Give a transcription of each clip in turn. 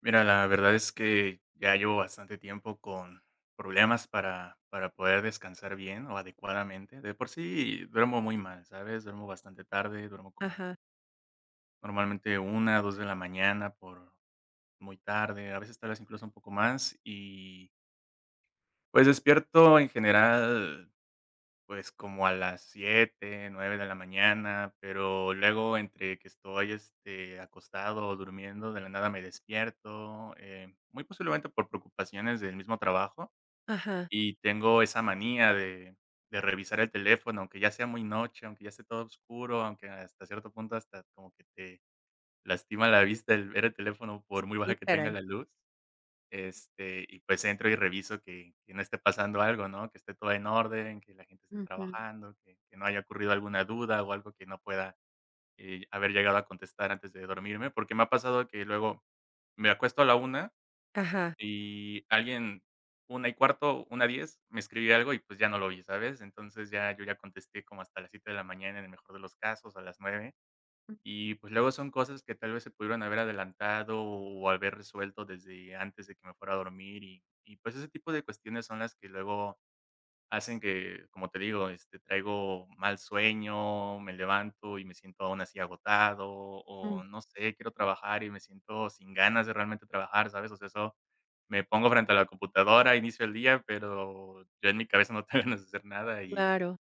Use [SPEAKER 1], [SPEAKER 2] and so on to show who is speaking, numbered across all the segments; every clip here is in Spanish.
[SPEAKER 1] Mira, la verdad es que ya llevo bastante tiempo con problemas para para poder descansar bien o adecuadamente. De por sí duermo muy mal, ¿sabes? Duermo bastante tarde. Duermo como
[SPEAKER 2] Ajá.
[SPEAKER 1] normalmente 1:00 o 2:00 de la mañana por muy tarde, a veces tal vez incluso un poco más y pues despierto en general, pues como a las 7:00, 9:00 de la mañana, pero luego entre que estoy, este, acostado o durmiendo de la nada me despierto, eh, muy posiblemente por preocupaciones del mismo trabajo
[SPEAKER 2] Ajá.
[SPEAKER 1] y tengo esa manía de de revisar el teléfono, aunque ya sea muy noche, aunque ya esté todo oscuro, aunque hasta cierto punto hasta como que te lastima la vista el ver el teléfono por muy baja
[SPEAKER 2] Sí,
[SPEAKER 1] que tenga
[SPEAKER 2] caray.
[SPEAKER 1] la luz. Este, y pues entro y reviso que que no esté pasando algo, ¿no? Que esté todo en orden, que la gente esté
[SPEAKER 2] Ujú.
[SPEAKER 1] trabajando, que que no haya ocurrido alguna duda o algo que no pueda, eh, haber llegado a contestar antes de dormirme, porque me ha pasado que luego me acuesto a la 1:00
[SPEAKER 2] Ajá.
[SPEAKER 1] y alguien, 1:15, 1:10, me escribe algo y pues ya no lo oí, ¿sabes? Entonces ya yo ya contesté como hasta las 7:00 de la mañana en el mejor de los casos, a las 9:00 y pues luego son cosas que tal vez se pudieron haber adelantado o haber resuelto desde antes de que me fuera a dormir y y pues ese tipo de cuestiones son las que luego hacen que, como te digo, este, traigo mal sueño, me levanto y me siento aún así agotado
[SPEAKER 2] Mm.
[SPEAKER 1] o no sé, quiero trabajar y me siento sin ganas de realmente trabajar, ¿sabes? O sea eso me pongo frente a la computadora, inicio el día, pero yo en mi cabeza no tengo ganas de hacer nada y
[SPEAKER 2] Claro.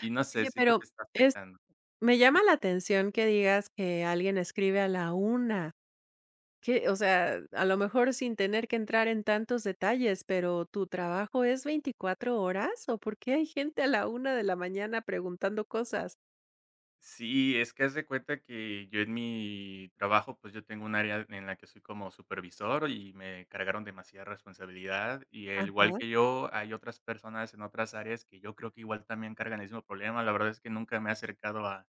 [SPEAKER 1] y no sé,
[SPEAKER 2] Oye,
[SPEAKER 1] siento
[SPEAKER 2] pero
[SPEAKER 1] que está
[SPEAKER 2] es
[SPEAKER 1] afectando.
[SPEAKER 2] me llama
[SPEAKER 1] Ujú.
[SPEAKER 2] la atención que digas que alguien escribe a la 1:00. ¿Que o sea, a lo mejor sin tener que entrar en tantos detalles. Pero, ¿tu trabajo es 24 horas o por qué hay gente a la 1:00 de la mañana preguntando cosas?
[SPEAKER 1] Sí, es que haz de cuenta que yo en mi trabajo, pues yo tengo un área en la que soy como supervisor y me cargaron demasiada responsabilidad y al igual
[SPEAKER 2] Ajá.
[SPEAKER 1] que yo, hay otras personas en otras áreas, que yo creo que igual también cargan el mismo problema. La verdad es que nunca me he acercado a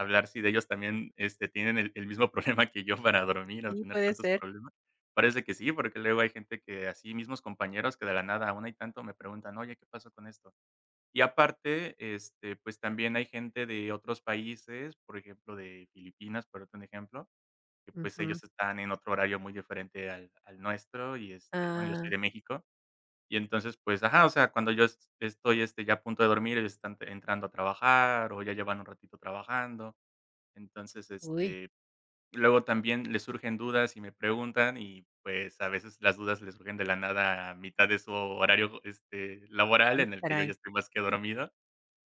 [SPEAKER 1] a hablar si de ellos también, este, tienen el el mismo problema que yo para dormir o
[SPEAKER 2] Sí,
[SPEAKER 1] tener
[SPEAKER 2] puede
[SPEAKER 1] tantos
[SPEAKER 2] ser.
[SPEAKER 1] problemas. Parece que sí, porque luego hay gente que así, mismos compañeros que de la nada aún hay tanto me preguntan: "Oye, ¿qué pasó con esto?" Y aparte, este, pues también hay gente de otros países, por ejemplo, de Filipinas, por ponerte un ejemplo, que pues
[SPEAKER 2] Ujú.
[SPEAKER 1] ellos están en otro horario muy diferente al al nuestro y este bueno, yo soy
[SPEAKER 2] Ah.
[SPEAKER 1] de México. Y entonces, pues, ajá, o sea, cuando yo estoy, este, ya a punto de dormir, ellos están entrando a trabajar o ya llevan un ratito trabajando. Entonces,
[SPEAKER 2] Uy.
[SPEAKER 1] este, luego también les surgen dudas y me preguntan y pues a veces las dudas le surgen de la nada a mitad de su horario, este, laboral
[SPEAKER 2] Sí,
[SPEAKER 1] en el que yo ya
[SPEAKER 2] caray.
[SPEAKER 1] estoy más que dormido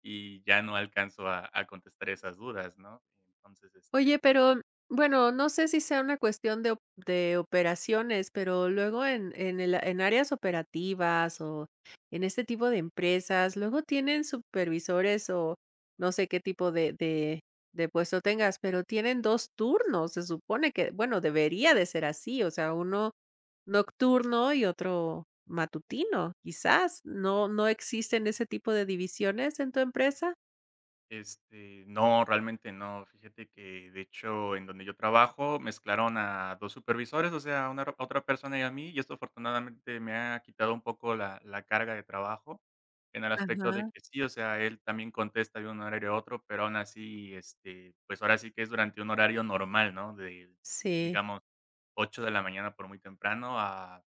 [SPEAKER 1] y ya no alcanzo a a contestar esas dudas, ¿no? Entonces, este
[SPEAKER 2] Oye, pero bueno, no sé si sea una cuestión de op de operaciones, pero luego en en el en áreas operativas o en este tipo de empresas, luego tienen supervisores o no sé qué tipo de de de puesto tengas, pero tienen 2 turnos. Se supone que bueno, debería de ser así. O sea, 1 nocturno y otro matutino. Quizás, ¿no no existen ese tipo de divisiones en tu empresa?
[SPEAKER 1] Este, no, realmente no. Fíjate que de hecho, en donde yo trabajo mezclaron a 2 supervisores, o sea, una otra persona y a mí, y esto afortunadamente me ha quitado un poco la la carga de trabajo en el aspecto de
[SPEAKER 2] Ajá.
[SPEAKER 1] que sí, o sea, él también contesta de un horario a otro, pero aún así, este, pues ahora sí que es durante un horario normal, ¿no?, de
[SPEAKER 2] Sí.
[SPEAKER 1] digamos, 8:00 de la mañana por muy temprano a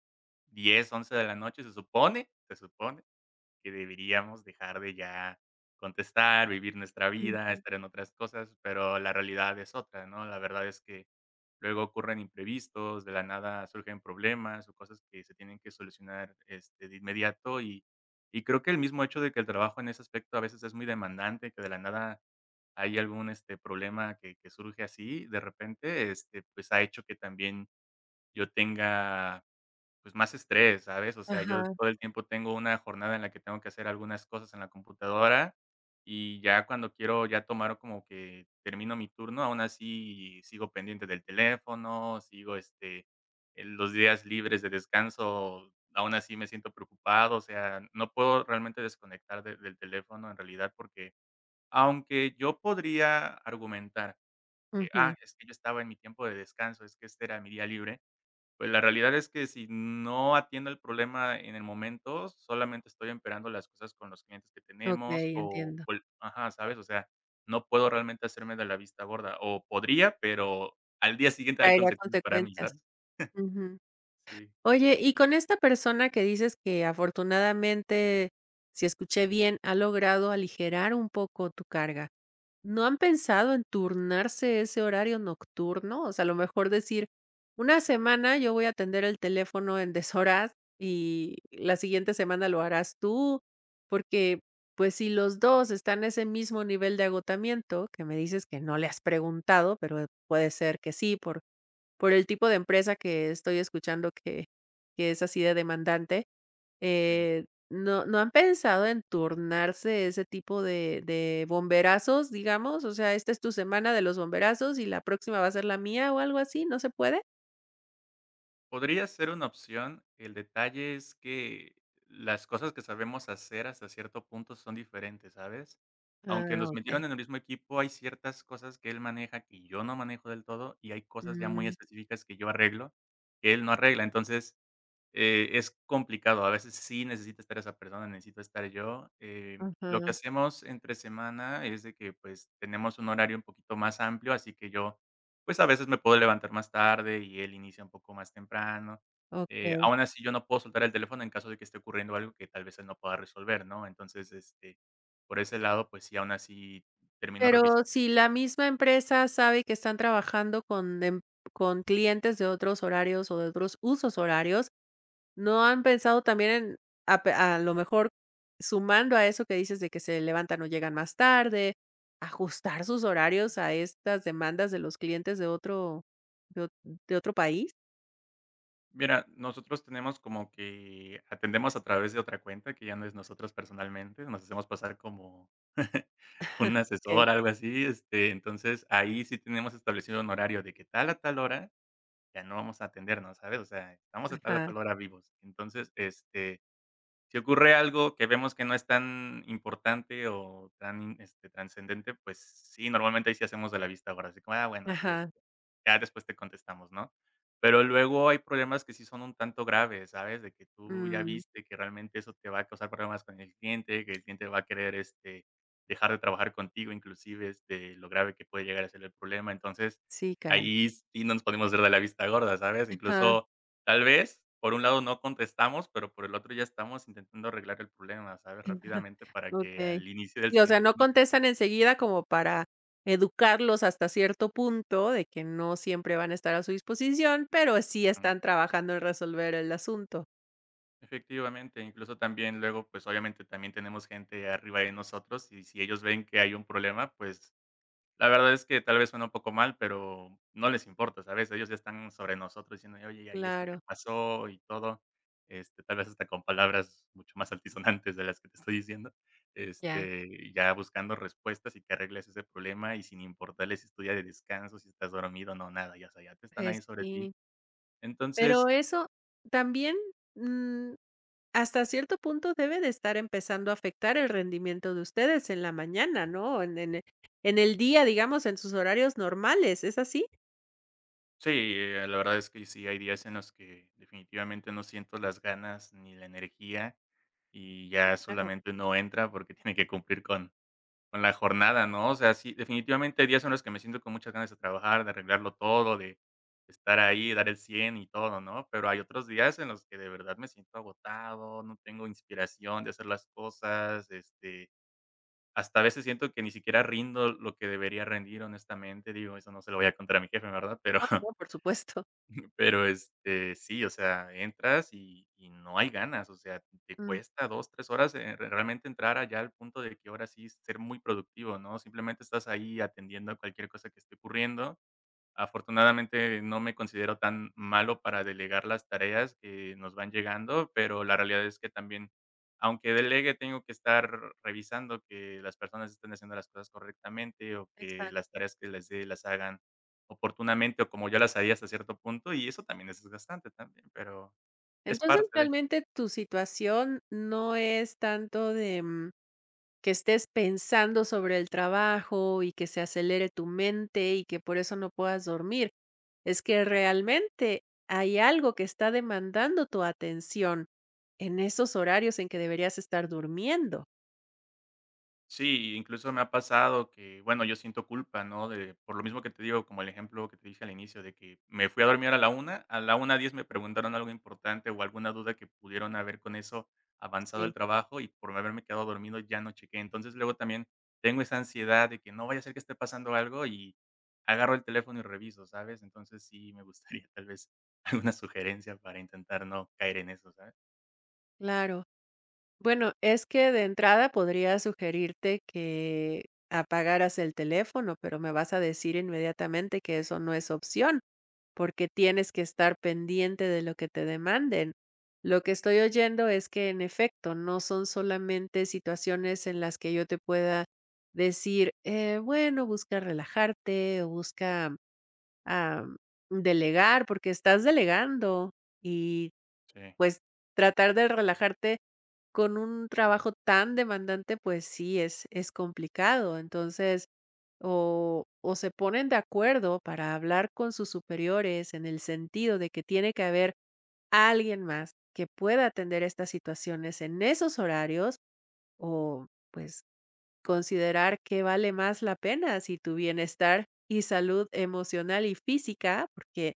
[SPEAKER 1] 10:00, 11:00 de la noche, se supone, se supone, que deberíamos dejar de ya contestar, vivir nuestra vida,
[SPEAKER 2] Ujú.
[SPEAKER 1] estar en otras cosas, pero la realidad es otra, ¿no? La verdad es que luego ocurren imprevistos, de la nada surgen problemas o cosas que se tienen que solucionar, este, de inmediato y y creo que el mismo hecho de que el trabajo en ese aspecto a veces es muy demandante, que de la nada hay algún, este, problema, que que surge así de repente, este, pues ha hecho que también yo tenga pues más estrés, ¿sabes? O sea, yo
[SPEAKER 2] Ajá.
[SPEAKER 1] todo el tiempo tengo una jornada en la que tengo que hacer algunas cosas en la computadora y ya cuando quiero ya tomar como que termino mi turno, aún así sigo pendiente del teléfono, sigo, este, en los días libres de descanso aún así me siento preocupado, o sea, no puedo realmente desconectar de del teléfono en realidad, porque aunque yo podría argumentar que: "Ah,
[SPEAKER 2] Ujú.
[SPEAKER 1] es que yo estaba en mi tiempo de descanso, es que este era mi día libre". Pues la realidad es que si no atiendo el problema en el momento, solamente estoy empeorando las cosas con los clientes que tenemos
[SPEAKER 2] Okey,
[SPEAKER 1] o
[SPEAKER 2] entiendo.
[SPEAKER 1] cual Ajá, ¿sabes? O sea, no puedo realmente hacerme de la vista gorda o podría, pero al día siguiente hay
[SPEAKER 2] Traerá
[SPEAKER 1] consecuencias para mí,
[SPEAKER 2] consecuencias.
[SPEAKER 1] ¿sabes?
[SPEAKER 2] Ujú.
[SPEAKER 1] Sí.
[SPEAKER 2] Oye, y con esta persona que dices que, afortunadamente, si escuché bien, ha logrado aligerar un poco tu carga. ¿No han pensado en turnarse ese horario nocturno? O sea, a lo mejor decir "una semana yo voy a atender el teléfono en deshoras y la siguiente semana lo harás tú", porque, pues, si los 2 están en ese mismo nivel de agotamiento que me dices que no le has preguntado, pero puede ser que sí, por por el tipo de empresa que estoy escuchando que que es así de demandante,
[SPEAKER 1] Sí.
[SPEAKER 2] eh, no no han pensado en turnarse ese tipo de de bomberazos, digamos, o sea, esta es tu semana de los bomberazos y la próxima va a ser la mía o algo así, ¿no se puede?
[SPEAKER 1] Podría ser una opción. El detalle es que, las cosas que sabemos hacer hasta cierto punto son diferentes, ¿sabes? Aunque
[SPEAKER 2] Ah,
[SPEAKER 1] nos
[SPEAKER 2] okey.
[SPEAKER 1] metieron en el mismo equipo, hay ciertas cosas que él maneja, que yo no manejo del todo y hay cosas ya muy
[SPEAKER 2] Mm.
[SPEAKER 1] específicas que yo arreglo que él no arregla. Entonces, eh, es complicado. A veces sí necesita estar esa persona, necesito estar yo, eh, lo que
[SPEAKER 2] Ujú.
[SPEAKER 1] hacemos entre semana es de que pues tenemos un horario un poquito más amplio, así que yo pues a veces me puedo levantar más tarde y él inicia un poco más temprano, eh,
[SPEAKER 2] Okey.
[SPEAKER 1] aun así, yo no puedo soltar el teléfono en caso de que esté ocurriendo algo que tal vez él no pueda resolver, ¿no?, entonces, este, por ese lado, pues sí, aun así termino
[SPEAKER 2] Pero
[SPEAKER 1] revisando.
[SPEAKER 2] si la misma empresa sabe que están trabajando con em con clientes de otros horarios o de otros husos horarios, ¿no han pensado también en a pe a lo mejor sumando a eso que dices de que se levantan o llegan más tarde, ajustar sus horarios a estas demandas de los clientes de otro de ot de otro país?
[SPEAKER 1] Mira, nosotros tenemos como que Atendemos a través de otra cuenta, que ya no es nosotros personalmente nos hacemos pasar como un
[SPEAKER 2] Okey.
[SPEAKER 1] asesor algo así, este, entonces, ahí sí tenemos establecido un horario de que tal a tal hora, ya no vamos a atender más, ¿sabes?, o sea, estamos de tal, a
[SPEAKER 2] Ajá.
[SPEAKER 1] tal hora vivos. Entonces, este, si ocurre algo que vemos que no es tan importante o tan, este, transcendente, pues sí, normalmente ahí sí hacemos de la vista gorda, así como, "ah, bueno, sí,
[SPEAKER 2] Ajá.
[SPEAKER 1] este, ya después te contestamos", ¿no? Pero luego hay problemas que sí son un tanto graves, ¿sabes? De que tú ya
[SPEAKER 2] Mm.
[SPEAKER 1] viste que realmente eso te va a causar problemas con el cliente, que el cliente va a querer, este, dejar de trabajar contigo, inclusive, este, de lo grave que puede llegar a ser el problema. Entonces,
[SPEAKER 2] Sí, caray.
[SPEAKER 1] ahí sí no nos podemos ver de la vista gorda, ¿sabes?
[SPEAKER 2] Ajá.
[SPEAKER 1] Incluso, tal vez por un lado no contestamos, pero por el otro ya estamos intentando arreglar el problema, ¿sabes?, rápidamente para que
[SPEAKER 2] Okey.
[SPEAKER 1] al inicio del
[SPEAKER 2] Sí, o sea,
[SPEAKER 1] siguiente
[SPEAKER 2] no
[SPEAKER 1] turno sea como
[SPEAKER 2] contestan enseguida como para educarlos hasta cierto punto, de que no siempre van a estar a su disposición, pero sí
[SPEAKER 1] Ujú.
[SPEAKER 2] están trabajando en resolver el asunto.
[SPEAKER 1] Efectivamente. Incluso, también, luego, pues obviamente, también tenemos gente arriba de nosotros, y si ellos ven que hay un problema, pues, la verdad, es que tal vez, suena un poco mal, pero no les importa, ¿sabes? Ellos, ya están sobre nosotros, diciendo: "Oye, ya vi ya vi esto, ¿qué
[SPEAKER 2] Claro.
[SPEAKER 1] pasó?", y todo. Este, tal vez hasta con palabras mucho más altisonantes, de las que te estoy diciendo,
[SPEAKER 2] Ya.
[SPEAKER 1] este, ya buscando respuestas, y que arregles ese problema. Y sin importarles si es tu día de descanso, si estás dormido, no, nada. Ya, o sea, ya te están ahí
[SPEAKER 2] Pues,
[SPEAKER 1] sobre ti.
[SPEAKER 2] sí. Pero
[SPEAKER 1] Entonces
[SPEAKER 2] eso también, mm, hasta cierto punto, debe de estar empezando a afectar el rendimiento de ustedes en la mañana, ¿no? En en en el día, digamos, en sus horarios normales, ¿es así?
[SPEAKER 1] Sí, eh, la verdad, es que sí hay días en los que definitivamente no siento las ganas, ni la energía, y
[SPEAKER 2] Sí,
[SPEAKER 1] ya
[SPEAKER 2] claro.
[SPEAKER 1] solamente, uno entra porque tiene que cumplir con con la jornada, ¿no? O sea, sí, definitivamente, hay días en los que me siento con muchas ganas de trabajar, de arreglarlo todo, de estar ahí, dar el 100 y todo, ¿no? Pero hay otros días, en los que de verdad me siento agotado, no tengo inspiración de hacer las cosas, este, hasta a veces, siento que ni siquiera rindo, lo que debería rendir, honestamente. Digo, eso no se lo voy a contar a mi jefe, ¿verdad?, pero
[SPEAKER 2] Ah, no, por supuesto.
[SPEAKER 1] pero, este, sí. O sea, entras, y y no hay ganas, o sea, te
[SPEAKER 2] Mm.
[SPEAKER 1] cuesta 2, 3 horas, eh, realmente, entrar allá, al punto de que ahora sí, ser muy productivo, ¿no? Simplemente estás ahí, atendiendo a cualquier cosa, que esté ocurriendo. Afortunadamente, no me considero tan malo para delegar las tareas que nos van llegando, pero la realidad es que también, aunque delegue, tengo que estar revisando que las personas estén haciendo las cosas correctamente, o que las
[SPEAKER 2] Exacto.
[SPEAKER 1] tareas que les dé, las hagan oportunamente, o como yo las haría, hasta cierto punto. Y eso también es desgastante también, pero, es
[SPEAKER 2] Entonces,
[SPEAKER 1] parte de
[SPEAKER 2] realmente tu situación, no es tanto de, mm, que estés pensando sobre el trabajo, y que se acelere tu mente, y que por eso no puedas dormir. Es que realmente, hay algo que está demandando tu atención en esos horarios en que deberías estar durmiendo.
[SPEAKER 1] Sí, i incluso me ha pasado que bueno, yo siento culpa, ¿no?, de por lo mismo que te digo, como el ejemplo que te dije al inicio de que me fui a dormir a la 1:00, a las 1:10 me preguntaron algo importante o alguna duda que pudieron haber con eso avanzado el
[SPEAKER 2] Sí.
[SPEAKER 1] trabajo y por haberme quedado dormido ya no chequé. Entonces luego también tengo esa ansiedad de que no vaya a ser que esté pasando algo y agarro el teléfono y reviso, ¿sabes? Entonces sí me gustaría tal vez alguna sugerencia para intentar no caer en eso, ¿sabes?
[SPEAKER 2] Claro. Bueno, es que de entrada podría sugerirte que apagaras el teléfono, pero me vas a decir inmediatamente que eso no es opción, porque tienes que estar pendiente de lo que te demanden. Lo que estoy oyendo es que en efecto, no son solamente situaciones en las que yo te pueda decir, eh, "bueno, busca relajarte o busca, am, delegar", porque estás delegando y
[SPEAKER 1] Sí.
[SPEAKER 2] pues, tratar de relajarte con un trabajo tan demandante, pues sí, es es complicado. Entonces, o o se ponen de acuerdo para hablar con sus superiores en el sentido de que tiene que haber alguien más que pueda atender estas situaciones en esos horarios, o pues, considerar ¿que vale más la pena?, si tu bienestar y salud emocional, y física, porque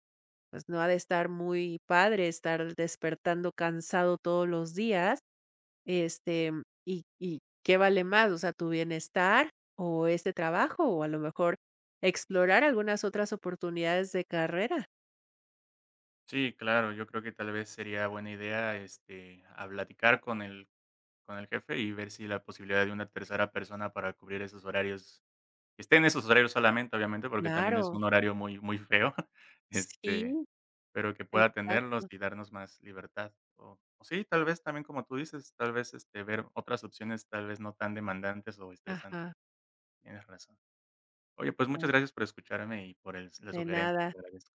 [SPEAKER 2] pues, no ha de estar muy padre, estar despertando cansado todos los días, este y ¿y qué vale más?, o sea, ¿tu bienestar o este trabajo?, o a lo mejor explorar algunas otras oportunidades de carrera.
[SPEAKER 1] Sí, claro. Yo creo que tal vez sería buena idea, este, habl platicar con el con el jefe y ver si la posibilidad de una tercera persona para cubrir esos horarios que esté en esos horarios solamente, obviamente, porque también es
[SPEAKER 2] Claro.
[SPEAKER 1] un horario muy, muy feo, este,
[SPEAKER 2] Sí.
[SPEAKER 1] pero que pueda atenderlos
[SPEAKER 2] Exacto.
[SPEAKER 1] y darnos más libertad o o sí, tal vez también como tú dices, tal vez, este, ver otras opciones, tal vez no tan demandantes o estresantes.
[SPEAKER 2] Ajá.
[SPEAKER 1] Tienes razón. Oye, pues
[SPEAKER 2] Eh
[SPEAKER 1] muchas gracias por escucharme y por el s la
[SPEAKER 2] De
[SPEAKER 1] sugerencia.
[SPEAKER 2] nada.
[SPEAKER 1] Te agradezco.